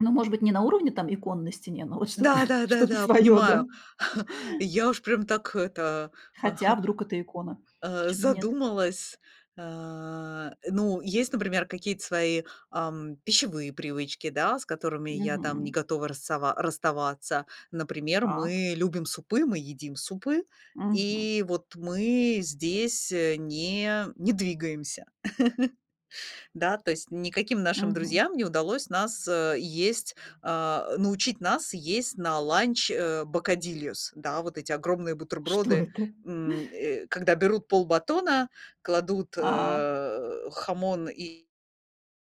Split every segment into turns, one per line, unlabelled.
Ну, может быть, не на уровне там икон на стене, но вот что-то
Да, да,
что-то
да,
своё, да?
понимаю. Я уж прям так это,
Хотя, вдруг это икона?
а. А,
Почему нет?
задумалась. А, ну, есть, например, какие-то свои, ам, пищевые привычки, да, с которыми я там не
Мгм.
готова расава расставаться. Например,
Так.
мы любим супы, мы едим супы,
Мгм.
и вот мы здесь, э, не не двигаемся. Да, то есть никаким нашим
Мгм.
друзьям не удалось нас, э, есть а, научить нас есть на ланч, э, бокадильос. Да, вот эти огромные
Что
бутерброды,
это?
м, э, когда берут полбатона, кладут,
А.
э, хамон и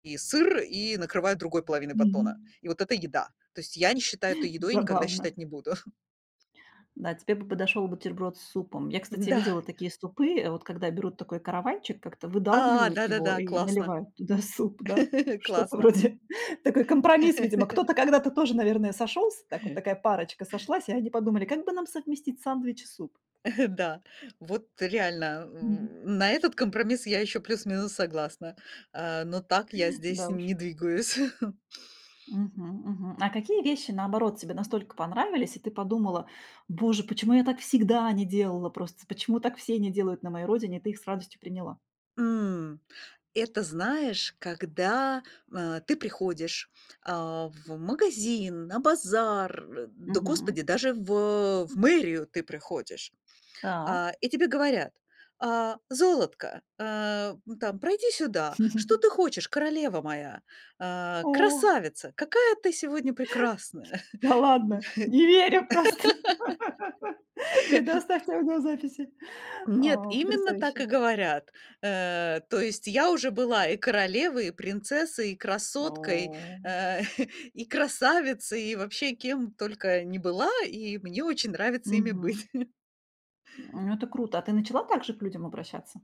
и сыр и накрывают другой половиной батона.
Мгм.
И вот это- еда. То есть я не считаю этой едой и никогда
Забавно.
считать не буду.
Да, тебе бы подошёл бутерброд с супом. Я, кстати,
М-да.
видела такие супы, вот когда берут такой каравайчик, как-то
А,
выдалбливают его
да-да-да,
и
классно.
наливают туда суп, да, что-то
Классно.
вроде. Такой компромисс, видимо. Кто-то когда-то тоже, наверное, сошёлся, так вот, такая парочка сошлась, и они подумали, как бы нам совместить сандвич и суп?
Да. Вот реально,
Мгм.
э, на этот компромисс я ещё плюс-минус согласна, а, но так я здесь
Да уж.
не двигаюсь.
Мгм, мгм. А какие вещи, наоборот, тебе настолько понравились, и ты подумала: "Боже, почему я так всегда не делала просто? Почему так все не делают на моей родине?" И ты их с радостью приняла?
М, это, знаешь, когда, а, ты приходишь, а, в магазин, на базар, э, да,
Мгм.
господи, даже в в мэрию ты приходишь.
Так.
А, и тебе говорят: "А, золотко, а, ну там, пройди сюда. Что ты хочешь, королева моя? А,
О.
красавица, какая ты сегодня прекрасная,
Да
м!"
ладно, не верю просто. Предоставьте окно записи.
Нет,
А,
именно так
потрясающе.
и говорят, э. То есть я уже была и королевой, и принцессой, и красоткой,
О.
э, и красавицей, и вообще кем только не была, и мне очень нравится ими быть.
Мгм. Ну, это круто. А ты начала так же к людям обращаться?